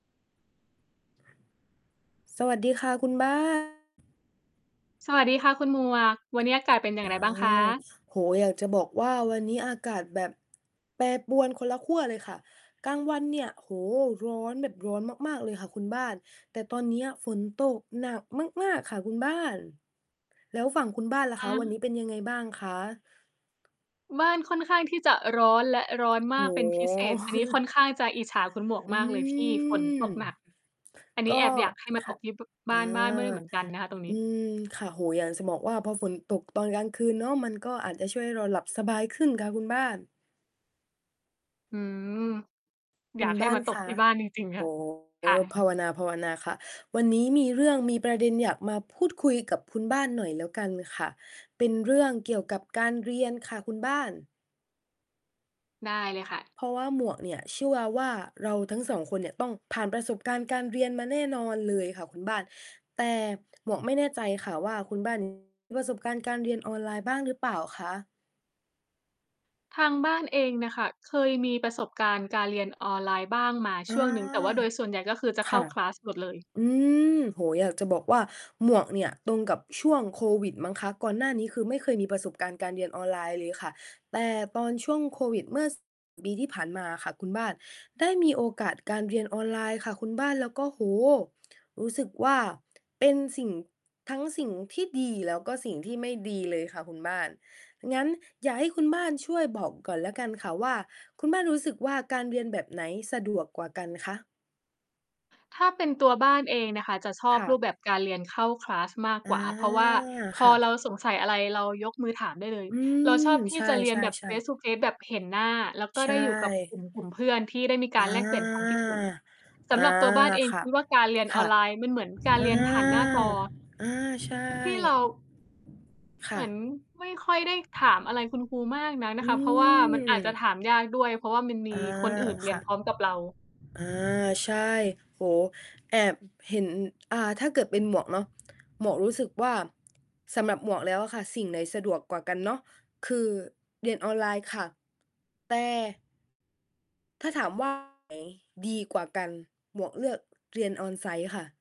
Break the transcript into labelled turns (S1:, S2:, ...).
S1: สวัสดีค่ะ คุณ บ้าน
S2: สวัสดีค่ะ คุณหมวก วันนี้อาก
S1: อ
S2: า
S1: า
S2: ศเป็นอย่างไรบ้างคะ?
S1: โอ้โฮ! อยากจะบอกว่า วันนี้อากาศแบบ แปรปรวนคนละขั้วเลยค่ะ กลางวันเนี่ย โอ้โฮ! ร้อนแบบร้อนมาก ๆ เลยค่ะคุณบ้าน แต่ตอนเนี้ยฝนตกหนักมาก ๆ ค่ะคุณบ้าน แล้วฝั่งคุณบ้านล่ะ
S2: อ
S1: คะ
S2: า
S1: วันนี้เป็นยังไงบ้างคะ?
S2: บ้านค่อนข้างที่จะร้อน และร้อนม
S1: โอ
S2: า
S1: ้
S2: กเป็นพิเศ
S1: โฮ!
S2: ษ อันนี้ค่อนข้างจะอิจฉาคุณหมวก
S1: อื
S2: มากเลยที่ฝน
S1: ม
S2: ตกหนัก อันน
S1: ก
S2: ี้
S1: ็
S2: แอบอยากให้มา
S1: ค
S2: ต
S1: ่ะ
S2: กที่ บ
S1: อ
S2: บ
S1: า
S2: ้านบ้านไม่ได้เหมือนกันนะคะตรงน
S1: อ
S2: ี
S1: ื
S2: ้
S1: ม ค่ะ โอ้โฮ! อยากจะบอกว่า พอฝนตกตอนกลางคืนเนาะ มันก็อาจจะช่วยให้เราหลับสบายขึ้นค่ะคุณบ้าน
S2: อืม
S1: ค
S2: อ
S1: ุ
S2: ย
S1: ณ
S2: ากให
S1: บ
S2: ้
S1: ้า
S2: ม
S1: น
S2: าต
S1: ค
S2: ก
S1: ะ
S2: ที่บ้านจริง ๆ
S1: โ
S2: ค
S1: อ
S2: ่ะ
S1: ้โฮ
S2: ค่
S1: ภ
S2: ะ
S1: าวนา ๆ ค่ะ วันนี้มีเรื่อง มีประเด็นอยากมาพูดคุยกับคุณบ้านหน่อยแล้วกันค่ะ เป็นเรื่องเกี่ยวกับการเรียนค่ะคุณบ้าน
S2: ได้เลยค่ะ
S1: เพราะว่าหมวกเนี่ยเชื่อว่า เราทั้ง 2 คนเนี่ยต้องผ่านประสบการณ์การเรียนมาแน่นอนเลยค่ะคุณบ้าน แต่ หมวกไม่แน่ใจค่ะว่า คุณ บ้าน มี ประสบการณ์การเรียนออนไลน์บ้างหรือเปล่าคะ?
S2: ทางบ้านเองน่ะค่ะ เคยมี ประสบการณ์การเรียนออนไลน์บ้างมา
S1: อา
S2: ช่วงหนึ่ง แต่ว่าโดยส่วนใหญ่ ก็คือจะ
S1: ค
S2: เข้
S1: ่
S2: า
S1: ะ
S2: คลาส หมดเลย
S1: อืม โอ้โฮ! อยากจะบอกว่าหมวกเนี่ย ตรงกับช่วงโควิดมั้งคะ ก่อนหน้านี้ คือไม่เคยมีประสบการณ์การเรียนออนไลน์เลยค่ะ แต่ตอนช่วงโควิดเมื่อ ส ปี ที่ผ่านมาอะค่ะคุณบ้าน ได้มีโอกาสการเรียนออนไลน์ค่ะคุณบ้าน แล้วก็ โอ้โฮ! รู้สึกว่า เป็นสิ่ง ทั้งสิ่งที่ดี แล้วก็สิ่งที่ไม่ดีเลยค่ะคุณบ้าน งั้นอย่าให้คุณบ้านช่วยบอกก่อนแล้วกันค่ะว่า คุณบ้านรู้สึกว่า การเรียนแบบไหนสะดวกกว่ากันคะ?
S2: ถ้าเป็นตัวบ้านเองน่ะค่ะจะชอ
S1: ค
S2: บ
S1: ่
S2: รูป
S1: ะ
S2: แบบการเรียนเข้า คลาส มาก
S1: อ
S2: ก
S1: า
S2: ว่า เพราะว่าพ
S1: ค
S2: อ
S1: ่ะ
S2: เราสงสัยอะไร เรายกมือถามได้เลย
S1: อื
S2: เราช
S1: ม
S2: อบที
S1: ใช
S2: ่จะเรียนแบบ
S1: ่ ๆ ๆ
S2: face-to-face แบบเห็นหน้า แล้วก็
S1: ใช
S2: ได้อยู่กับ กล
S1: ่
S2: ุ่ม กลุ่มเพื่อนที่ได้มีก
S1: อ
S2: า
S1: า
S2: รแลกเปลี่ยนความคิดเห็น ส
S1: อา
S2: ำหรับตัวบ้านเอง
S1: ค่
S2: ค
S1: ะ
S2: ิดว่า การเรียน
S1: ค
S2: อ
S1: ่
S2: อ
S1: ะ
S2: นไลน์มันเหมือนการ
S1: อ
S2: เ
S1: า!
S2: รียนผ่านหน้าจอ
S1: อา ใช่
S2: ที่เรา
S1: ค
S2: เหม
S1: ่
S2: ือน
S1: ะ
S2: ไม่ค่อยได้ถามอะไรคุณครูมากนักน่
S1: อ
S2: ะ
S1: ื
S2: ค่ะ เพราะว่ามันอาจจะ
S1: ม
S2: ถามยากด้วย เพราะว่ามันม
S1: อา
S2: ีคนอื่นเร
S1: ค
S2: ี
S1: ่
S2: ยน
S1: ะ
S2: พร้อมกับเรา
S1: อา ใช่ โอ้โฮ แอบเห็น อ่า ถ้าเกิดเป็นหมวกเนาะ หมวกรู้สึกว่า สำหรับหมวกแล้วอะค่ะ สิ่งไหนสะดวกกว่ากันเนาะ คือเรียนออนไลน์ค่ะ แต่ ถ้าถาม ว่า อัน ไหนดีกว่ากัน หมวกเลือกเรียน on-site ค่ะ